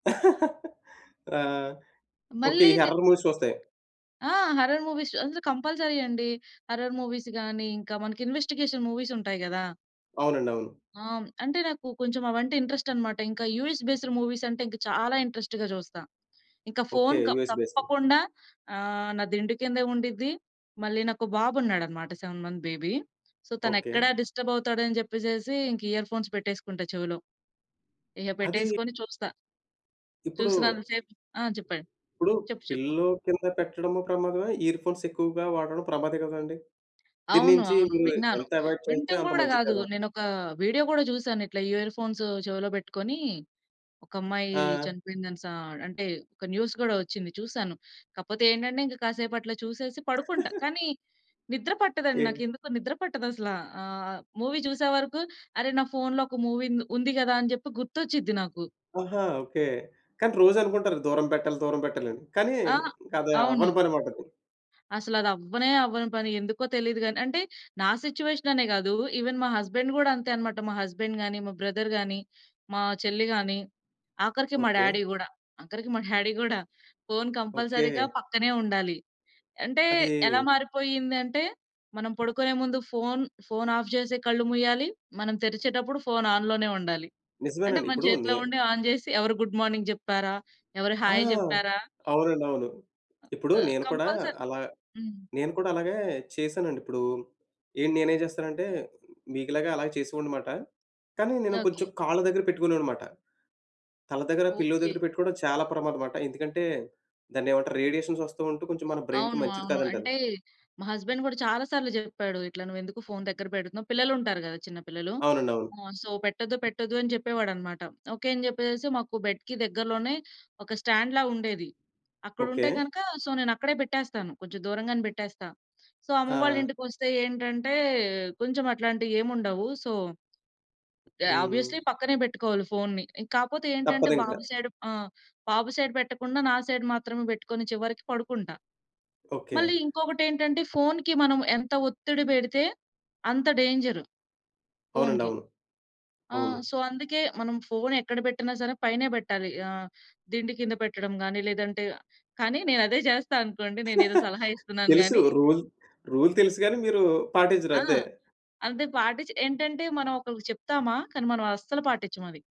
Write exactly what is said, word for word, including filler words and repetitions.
ఆ! ఓకే. ఈ మళ్ళీ‌‌ని horror movies చూస్తే? ఆ! హారర్ మూవీస్ చుస్ అసలు కంపల్సరీ అండి. హారర్ మూవీస్ గాని, ఇంకా మనకి ఇన్వెస్టిగేషన్ మూవీస్ ఉంటాయి గదా! అవునండి. అవును. ఆ! హ్మ్. అంటే నాకు కొంచెం అవంటే ఇంట్రెస్ట్ అన్నమాట. ఇంకా యూఎస్ బేస్డ్ మూవీస్ అంటే చాలా ఇంట్రెస్ట్‌గా జూస్తా. ఇంకా ఓకే. ఫోను క యూఎస్ బేస్డ్. తప్పకుండా ఆహ్, నా దిండు కిందే ఉండిద్ది. మళ్ళీ నాకో బాబున్నాడన్నమాట. Seven months baby. So, okay. తనెక్కడ డిస్టర్బ్ అవుతాడని జెప్పేసేసి, ఇంకా ఇయర్‌ఫోన్స్ బెట్టేసుకుంటా చెవిలో. ఇగ అది బెట్టేసుకొని చూస్తా. ఇప్పుడు... చూసినంత సేపు ఆ! చెప్పండి? ఇప్పుడు చెప్పు, చెప్పు? పిల్లో కింద పెట్టడము ప్రమాదమే, ఇయర్‌ఫోన్స్ ఎక్కువగా వాడడం ప్రమాదమే గదండీ! అవును. దీన్నించి అవును మీరు విన్నాను. ఎంత అవాయిడ్ చేస్తే వినటం అంత గూడా మంచిది గాదు. గదా! నేనొక వీడియో గూడా జూసాను. ఇట్లా ఇయర్‌ఫోన్స్ చెవిలో బెట్టుకొని ఒకమ్మాయి ఆ! చనిపోయిందనిశ ఆహ్, అంటే ఒక న్యూస్ గూడా ఒచ్చింది, చూసాను. కాపోతే ఏంటంటే, ఇంకా కాసేపు అట్లా చూసేసి పడుకుంటా. కానీ నిద్ర పట్టదండి. ఓకే. నాకేందుకో నిద్ర పట్టదసల. ఆహ్, మూవీ చూసే వరకు, అరె నా ఫోన్లో ఒక మూవీ ఉంది ఉంది గదా అని జెప్పి గుర్తొచ్చిది నాకు. ఆహా! ఓకే. కానీ రోజు అనుకుంటారు దూరం పెట్టాలి, దూరం పెట్టాలని కానీ ఆ! అది అవును. అవ్వని పని అన్నమాట. అసల అదవ్వనే అవ్వని పని. ఎందుకో తెలీదు గాని, అంటే నా సిట్యుయేషననే గాదు. ఈవెన్ మా హస్బెండ్ గూడా అంతే అన్నమాట. మా హస్బెండ్ గాని, మా బ్రదర్ గాని, మా చెల్లి గాని, ఆఖరికి మా ఓకే. డ్యాడీ గూడా, ఆఖరికి మా డ్యాడీ గూడా. ఫోను కంపల్సరీ‌గా ఓకే. పక్కనే ఉండాలి. అంటే ఎలా అది మారిపోయిందంటే, మనం పడుకునే ముందు ఫోను ఆఫ్ జేసి కళ్ళు మూయాలి. మనం తెరిచేటప్పుడు ఫోను ఆన్‌లోనే ఉండాలి. అంటే నిజమేనండి. మన ఇప్పుడు నే చేతిలో ఉండి ఆన్ జేసి ఎవరు గుడ్ మార్నింగ్ జెప్పారా, ఎవరు ఆ! హాయ్ జెప్పారా అవునండి, అవును. ఇప్పుడు ఆహ్, నేను కూడా కంపల్సరీ అలా హ్మ్. నేను కూడా అలాగే చేశానండి. ఇప్పుడు ఏంటి నేనేం చేస్తానంటే, మీకులాగా అలాగే చేసేవాడినన్నమాట. కానీ, నేను కొంచెం ఓకే. కాళ్ళ దగ్గర పెట్టుకునేవాడినన్నమాట. తల దగ్గర పిల్లో ఓకే. దగ్గర పెట్టుకోవడం చాలా ప్రమాదమట. ఎందుకంటే, దాన్ని ఏమంటారు రేడియేషన్స్ ఒస్తూ ఉంటూ కొంచెం మన బ్రెయిన్‌కి అవును. మంచిది అవును. కాదంటరు. అంటే మా హస్బెండ్ గూడా చాలా సార్లు జెప్పాడు. "ఇట్లా నువ్వేందుకు ఫోను దగ్గర బెడుతున్నావు," పిల్లలుంటారు గదా! చిన్న పిల్లలు. అవునండి. అవును. ఆ! సో, "పెట్టొద్దు, పెట్టొద్దు" అని జెప్పేవాడన్నమాట. ఓకే. అని జెప్పేసేసి మాకు బెడ్‌కి దగ్గరలోనే ఒక స్టాండ్‌లా ఉండేది. ఓకే. అక్కడుంటే గనక సో, నేనక్కడే బెట్టేస్తాను. కొంచెం దూరంగానే బెట్టేస్తా. సో, అమ్మ వాళ్ళ ఆ! ఇంటికొస్తే ఏంటంటే కొంచెం అట్లాంటివేమీ ఉండవు. సో, ఆహ్, ఆబ్వియస్లీ హ్మ్. పక్కనే బెట్టుకోవాలి ఫోనుని. కాపోతే ఏంటంటే, బాబు తప్పదింకా. సైడ్ ఆ! బాబు సైడ్ బెట్టకుండా నా సైడ్ మాత్రమే బెట్టుకొని చివరికి పడుకుంటా. ఓకే. మళ్ళీ ఇంకొకటెంటంటే, ఫోనుకి మనం ఎంత ఒత్తిడి బెడితే, అంత డేంజరు అవునండి. ఫోనుకి. అవును. ఆ! అవును. సో, అందుకే మనం ఫోను ఎక్కడ బెట్టినా సరే, పైనే పెట్టాలి. ఆహ్, దిండి కింద పెట్టడం గాని, లేదంటే కానీ నేను అదే జేస్తా అనుకోండి. నేనేదో సలహా ఇస్తున్నాను తెలుసు. గాని. రూల్, రూల్ తెలుసు గాని మీరు ఆ! పాటించరంతే. అదే పా‌టిచే ఏంటంటే హ్మ్. మనం ఒకలికి చెప్తామా, కానీ మనం అస్సలు పాటించమది.